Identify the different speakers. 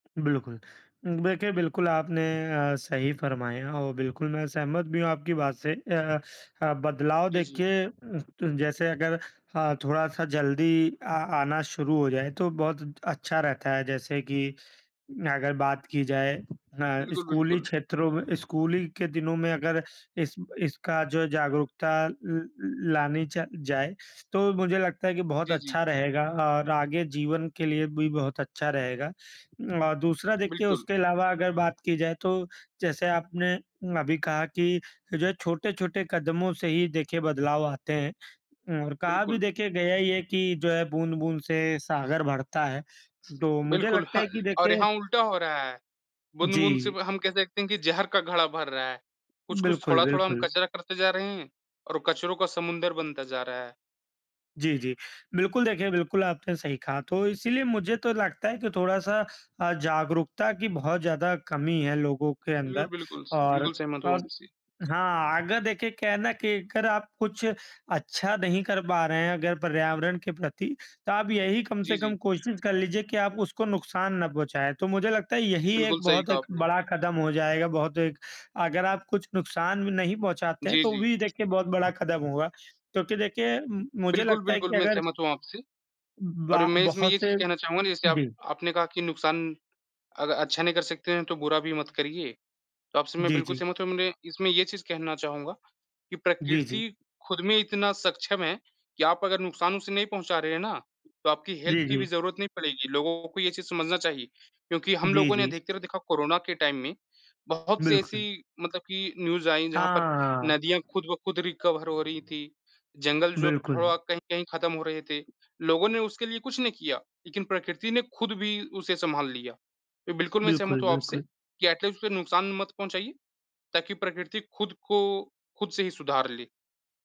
Speaker 1: बिल्कुल। देखिए, बिल्कुल आपने अ, सही फ़रमाया और बिल्कुल मैं सहमत भी हूँ आपकी बात से। अ अ, अ, बदलाव
Speaker 2: जी, जी।
Speaker 1: देखिए अ, त जैसे अगर अ, थोड़ा-सा जल्दी अ आना शुरू हो जाए, तो बहुत त अच्छा रहता है। जैसे कि अगर बात की जाए अ,
Speaker 2: बिल्कुल,
Speaker 1: स्कूली
Speaker 2: बिल्कुल।
Speaker 1: क्षेत्रों में स्कूली के दिनों में अगर इस इसका जो है जागरूकता ल ल लानी चा जाए, तो मुझे लगता है कि बहुत
Speaker 2: जी, जी।
Speaker 1: अच्छा रहेगा और आगे जीवन के लिए भी बहुत अच्छा रहेगा। और दूसरा देखिए
Speaker 2: बिल्कुल।
Speaker 1: उसके अलावा अगर बात की जाए, तो जैसे आपने अभी कहा कि जो है छोटे-छोटे कदमों से ही देखिए बदलाव आते हैं, अम, और कहा भी
Speaker 2: बिल्कुल।
Speaker 1: देखिए गया ही है कि जो है बूँद-बूँद से सागर भरता है। तो मुझे
Speaker 2: बिल्कुल,
Speaker 1: लगता
Speaker 2: ह
Speaker 1: है कि
Speaker 2: और
Speaker 1: देखिए
Speaker 2: यहाँ उल्टा हो रहा है। बूँद-बूँद से
Speaker 1: जी।
Speaker 2: ब हम कह सकते हैं कि ज़हर का घड़ा भर रहा है। कुछ-कुछ,
Speaker 1: बिल्कुल,
Speaker 2: थोड़ा-थोड़ा हम
Speaker 1: बिल्कुल।
Speaker 2: कचरा करते जा रहे हैं, और कचरों का समुंदर बनता जा रहा है।
Speaker 1: जी, जी। बिल्कुल, देखिए, बिल्कुल आपने सही कहा। तो इसीलिए मुझे तो लगता है कि थोड़ा-सा अ, जागरूकता की बहुत ज़्यादा कमी है लोगों के
Speaker 2: बिल्कुल,
Speaker 1: अंदर।
Speaker 2: बिल्कुल, स
Speaker 1: और,
Speaker 2: बिल्कुल सहमत हूँ
Speaker 1: और
Speaker 2: आपसे।
Speaker 1: हाँ, अगर देखिए क्या है ना कि अगर आप कुछ अच्छा नहीं कर पा रहे हैं अगर पर्यावरण के प्रति, तो आप यही कम
Speaker 2: जी,
Speaker 1: से कम
Speaker 2: जी।
Speaker 1: कोशिश कर लीजिए कि आप उसको नुकसान ना पहुँचाए। तो मुझे लगता है यही
Speaker 2: बिल्कुल
Speaker 1: एक
Speaker 2: सही
Speaker 1: बहुत
Speaker 2: कहा
Speaker 1: एक
Speaker 2: आपने।
Speaker 1: बड़ा कदम हो जाएगा, बहुत एक अगर आप कुछ नुकसान भी नहीं पहुँचाते हैं,
Speaker 2: जी,
Speaker 1: तो
Speaker 2: जी।
Speaker 1: भी देखिए बहुत बड़ा कदम होगा क्योंकि देखिए, म मुझे
Speaker 2: बिल्कुल,
Speaker 1: लगता है
Speaker 2: बिल्कुल,
Speaker 1: कि
Speaker 2: मैं
Speaker 1: अगर
Speaker 2: सहमत हूँ आपसे।
Speaker 1: ब बा
Speaker 2: और मैं इसमें
Speaker 1: बहुत
Speaker 2: ये चीज़
Speaker 1: से
Speaker 2: कहना चाहूँगा ना जैसे आप
Speaker 1: जी।
Speaker 2: आपने कहा कि नुकसान अग अच्छा नहीं कर सकते हैं तो बुरा भी मत करिए। तो आपसे मैं
Speaker 1: जी,
Speaker 2: बिल्कुल
Speaker 1: जी।
Speaker 2: सहमत हूँ, माने इसमें ये चीज़ कहना चाहूँगा कि
Speaker 1: जी, जी।
Speaker 2: प्रकृति खुद में इतना सक्षम है कि आप अगर नुकसान उसे नहीं पहुँचा रहे हैं ना, तो आपकी हेल्प
Speaker 1: जी,
Speaker 2: की भी
Speaker 1: जी।
Speaker 2: ज़रूरत नहीं पड़ेगी। लोगों को ये चीज़ समझना चाहिए क्योंकि हम
Speaker 1: जी,
Speaker 2: लोगों ने
Speaker 1: जी।
Speaker 2: अधिकतर देखा कोरोना के टाइम में बहुत-सी
Speaker 1: बिल्कुल।
Speaker 2: ऐसी मतलब कि न्यूज़ आईं जहाँ पर
Speaker 1: हाँ, हाँ।
Speaker 2: नदियाँ खुद-ब-खुद रिकवर हो रही थीं, जंगल जो
Speaker 1: बिल्कुल।
Speaker 2: थोड़ा कहीं-कहीं ख़त्म हो रहे थे। लोगों ने उसके लिए कुछ नहीं किया, लेकिन प्रकृति ने खुद भी उसे संभाल लिया। इ बिल्कुल, मैं
Speaker 1: बिल्कुल,
Speaker 2: सहमत हूँ आपसे
Speaker 1: बिल्कुल।
Speaker 2: कि एट लीस्ट उसे नुकसान मत पहुँचाइए, ताकि प्रकृति खुद को खुद से ही सुधार ले।